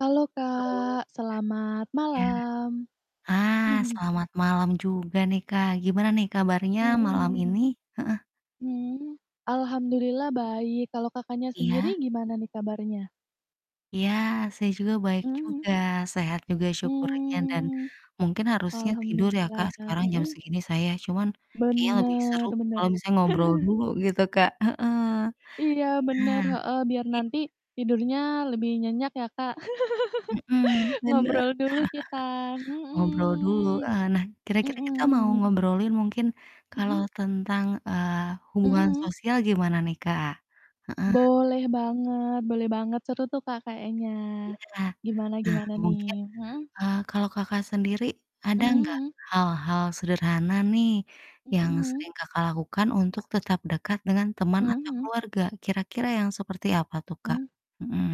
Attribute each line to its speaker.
Speaker 1: Halo
Speaker 2: Halo.
Speaker 1: Kak, selamat
Speaker 2: Iya.
Speaker 1: malam.
Speaker 2: Ah, selamat malam juga nih, Kak, gimana nih, kabarnya, malam ini?
Speaker 1: Mhm.
Speaker 2: Heeh.
Speaker 1: Mhm, alhamdulillah baik, kalau Kakaknya
Speaker 2: Iya.
Speaker 1: sendiri gimana nih, kabarnya?
Speaker 2: Iya, saya juga, baik
Speaker 1: Mhm mhm.
Speaker 2: juga, sehat juga syukurnya, dan
Speaker 1: Mmm.
Speaker 2: mungkin harusnya tidur ya, Kak,
Speaker 1: Alhamdulillah
Speaker 2: sekarang jam
Speaker 1: mhm?
Speaker 2: segini, saya. Cuman, kayaknya lebih
Speaker 1: Bener
Speaker 2: seru kalau
Speaker 1: bener.
Speaker 2: misalnya ngobrol dulu gitu, Kak heeh.
Speaker 1: Iya, bener,
Speaker 2: Ah,
Speaker 1: heeh, biar
Speaker 2: i
Speaker 1: nanti tidurnya lebih nyenyak ya, Kak?
Speaker 2: Mhm, bener.
Speaker 1: Ngobrol dulu kita,
Speaker 2: Ngobrol dulu,
Speaker 1: mhm.
Speaker 2: eee, nah, kira-kira
Speaker 1: Mhm.
Speaker 2: kita mau ngobrolin mungkin kalau
Speaker 1: Mhm.
Speaker 2: tentang, eee,
Speaker 1: Mhm
Speaker 2: hubungan
Speaker 1: mhm.
Speaker 2: sosial gimana nih, Kak? Heeh.
Speaker 1: Boleh banget boleh banget, seru tuh Kak, kayaknya.
Speaker 2: Iya.
Speaker 1: Gimana
Speaker 2: Nah,
Speaker 1: gimana
Speaker 2: mungkin,
Speaker 1: nih? Mhm?
Speaker 2: eee, kalau Kakak sendiri, ada
Speaker 1: Mhm
Speaker 2: enggak
Speaker 1: mhm.
Speaker 2: hal-hal sederhana nih,
Speaker 1: Mhm
Speaker 2: yang
Speaker 1: mhm.
Speaker 2: sering Kakak lakukan untuk tetap dekat dengan teman,
Speaker 1: Mhm
Speaker 2: atau
Speaker 1: mhm.
Speaker 2: keluarga? Kira-kira yang seperti apa tuh, Kak?
Speaker 1: Mmm.
Speaker 2: Mhm.